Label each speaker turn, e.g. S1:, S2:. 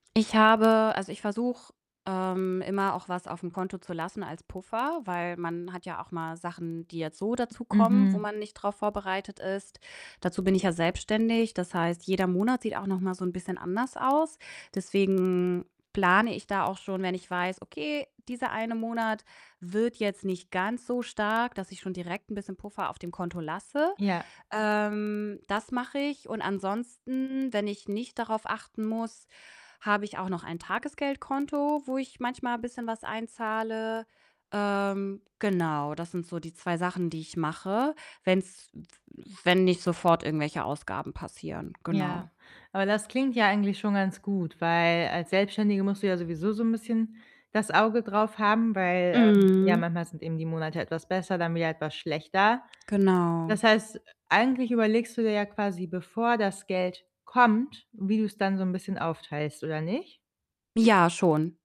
S1: Ich habe also, ich versuche, ähm, immer auch was aufm Konto zu lassen als Puffer, weil man hat ja auch mal Sachen, die jetzt so dazukommen, wo
S2: Mhm.
S1: man nicht drauf vorbereitet ist. Dazu bin ich ja selbstständig, das heißt, jeder Monat sieht auch noch mal so 'n bisschen anders aus. Deswegen plane ich da auch schon, wenn ich weiß: „Okay, dieser eine Monat wird jetzt nicht ganz so stark,“ dass ich schon direkt 'n bisschen Puffer auf dem Konto lasse.
S2: Ja.
S1: Ähm, das mache ich und ansonsten, wenn ich nicht darauf achten muss, habe ich auch noch ein Tagesgeldkonto, wo ich manchmal bisschen was einzahle. Ähm, genau, das sind so die 2 Sachen, die ich mache, wenn's w wenn nicht sofort irgendwelche Ausgaben passieren. Genau.
S2: Ja, aber das klingt ja eigentlich schon ganz gut, weil als Selbstständige musst du ja sowieso so 'n bisschen das Auge drauf haben, weil, ähm, ja,
S1: Mhm.
S2: manchmal sind eben die Monate etwas besser, dann wieder etwas schlechter.
S1: Genau.
S2: Das heißt, äh, eigentlich überlegst du dir ja quasi bevor das Geld kommt, wie du's dann so 'n bisschen aufteilst, oder nicht?
S1: Ja, schon.